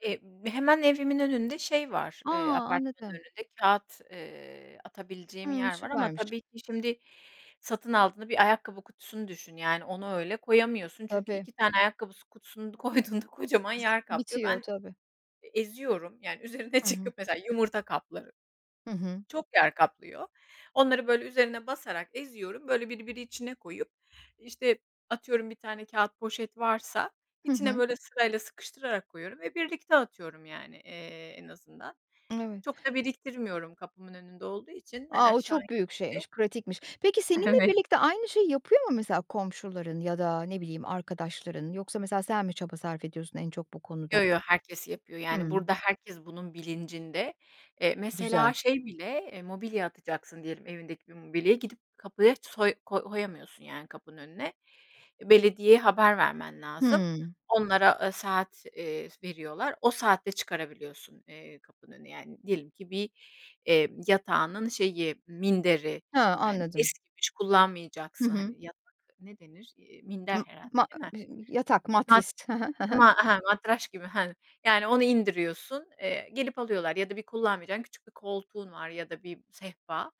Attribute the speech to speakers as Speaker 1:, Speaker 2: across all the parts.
Speaker 1: Eee, hemen evimin şey var,
Speaker 2: A!
Speaker 1: eee, apartmanın
Speaker 2: anladım.
Speaker 1: önünde kağıt, eee, atabileceğim
Speaker 2: Hımm.
Speaker 1: yer var ama
Speaker 2: Süpermiş.
Speaker 1: tabii ki şimdi satın aldığında bir ayakkabı kutusunu düşün yani onu öyle koyamıyorsun, çünkü
Speaker 2: Tabii.
Speaker 1: 2 tane ayakkabısı kutusunu koyduğunda kocaman
Speaker 2: Biz
Speaker 1: yer kaplıyor.
Speaker 2: bitiyor
Speaker 1: Ben,
Speaker 2: tabii.
Speaker 1: eee, eziyorum yani üzerine
Speaker 2: Hı hı.
Speaker 1: çıkıp mesela yumurta kapları,
Speaker 2: Hı hı.
Speaker 1: çok yer kaplıyor. Onları böyle üzerine basarak eziyorum, böyle birbiri içine koyup, işte, atıyorum bir tane kağıt poşet varsa
Speaker 2: Hı
Speaker 1: içine
Speaker 2: hı.
Speaker 1: böyle sırayla sıkıştırarak koyuyorum ve birlikte atıyorum yani, eee, en azından.
Speaker 2: Evet.
Speaker 1: Çok da biriktirmiyorum kapımın önünde olduğu için hani
Speaker 2: A! O
Speaker 1: aşağı
Speaker 2: çok büyük
Speaker 1: indikçe.
Speaker 2: şeymiş, pratikmiş. Peki seninle
Speaker 1: Evet.
Speaker 2: birlikte aynı şeyi yapıyor mu mesela, komşuların ya da ne bileyim arkadaşların? Yoksa mesela, sen mi çaba sarf ediyorsun en çok bu konuda?
Speaker 1: Yo yo, herkes yapıyor yani
Speaker 2: Hımm.
Speaker 1: burada herkes bunun bilincinde. Eee,
Speaker 2: Güzel.
Speaker 1: mesela şey bile, mobilya atacaksın diyelim, evindeki bir mobilyayı gidip kapıya soy koy koyamıyorsun yani kapının önüne. Belediyeye haber vermen lazım.
Speaker 2: Hımm.
Speaker 1: Onlara, eee, saat, eee, veriyorlar. O saatte çıkarabiliyorsun, eee, kapının önüne yani. Diyelim ki bir, eee, yatağının şeyi, minderi,
Speaker 2: He,
Speaker 1: yani
Speaker 2: anladım.
Speaker 1: eskimiş
Speaker 2: Hı
Speaker 1: kullanmayacaksın.
Speaker 2: hı.
Speaker 1: Hani, yatak ne denir? Eee, minder
Speaker 2: I
Speaker 1: herhâlde,
Speaker 2: ma
Speaker 1: değil mi?
Speaker 2: bı yatak
Speaker 1: Ha.
Speaker 2: matrist. Hı hı, hı hı.
Speaker 1: Ma ha matraş gibi, hani yani onu indiriyorsun, eee, gelip alıyorlar ya da bir kullanmayacağın küçük bir koltuğun var ya da bir sehpa.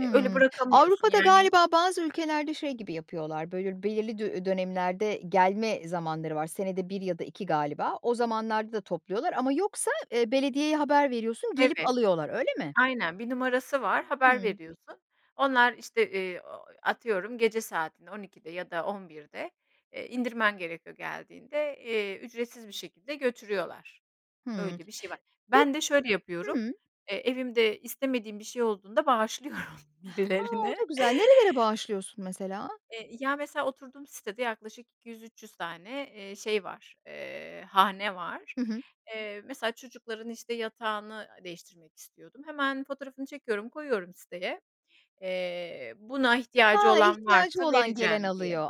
Speaker 1: Eee, öyle bırakamıyorsun
Speaker 2: Avrupa'da
Speaker 1: yani
Speaker 2: galiba bazı ülkelerde şey gibi yapıyorlar, böyle belirli dö dönemlerde, gelme zamanları var, senede 1 ya da 2 galiba o zamanlarda da topluyorlar ama yoksa, eee, belediyeye haber veriyorsun gelip
Speaker 1: Evet,
Speaker 2: alıyorlar öyle mi?
Speaker 1: aynen bir numarası var haber
Speaker 2: Hımm.
Speaker 1: veriyorsun. Onlar işte, eee, ooo, atıyorum gece saatinde 12'de ya da 11'de, eee, indirmen gerekiyor geldiğinde, eee, ücretsiz bir şekilde götürüyorlar.
Speaker 2: Hımm.
Speaker 1: Öyle bir şey var.
Speaker 2: Pek
Speaker 1: Ben de şöyle yapıyorum,
Speaker 2: hımm.
Speaker 1: eee, evimde istemediğim bir şey olduğunda bağışlıyorum
Speaker 2: Ha, o
Speaker 1: birilerine.
Speaker 2: da güzel. Nerelere bağışlıyorsun mesela?
Speaker 1: Eee, ya mesela oturduğum sitede yaklaşık 200-300 tane, eee, şey var, eee, hane var.
Speaker 2: Hı hı.
Speaker 1: Eee, mesela çocukların işte yatağını, aaa, değiştirmek istiyordum. Hemen fotoğrafını çekiyorum, koyuyorum siteye. Eee, buna ihtiyacı
Speaker 2: Ha,
Speaker 1: olan
Speaker 2: ihtiyacı
Speaker 1: varsa
Speaker 2: olan gelen
Speaker 1: vereceğim diye.
Speaker 2: alıyor.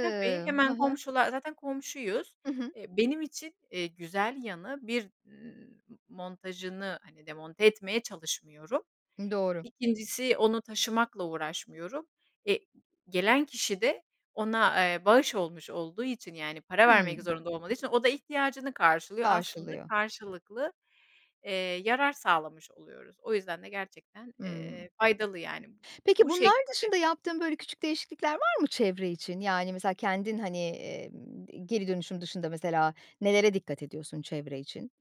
Speaker 1: Tabii,
Speaker 2: Hı
Speaker 1: hemen
Speaker 2: hı.
Speaker 1: komşular, zaten komşuyuz.
Speaker 2: Hı hı.
Speaker 1: Eee, benim için, eee, güzel yanı. 1, ımm, montajını hani demonte etmeye çalışmıyorum.
Speaker 2: Hımm, doğru.
Speaker 1: 2.si onu taşımakla uğraşmıyorum. Eee, d gelen kişi de ona, eee, bağış olmuş olduğu için yani para vermek
Speaker 2: Hımm.
Speaker 1: zorunda olmadığı için o da ihtiyacını karşılıyor. Aslında
Speaker 2: Karşılıyor.
Speaker 1: karşılıklı, eee, yarar sağlamış oluyoruz. O yüzden de gerçekten,
Speaker 2: Hımm.
Speaker 1: eee, faydalı yani
Speaker 2: Peki
Speaker 1: bu
Speaker 2: bunlar
Speaker 1: şekilde.
Speaker 2: dışında yaptığın böyle, küçük değişiklikler var mı çevre için? Yani mesela kendin hani, emm, geri dönüşüm dışında mesela, nelere dikkat ediyorsun çevre için?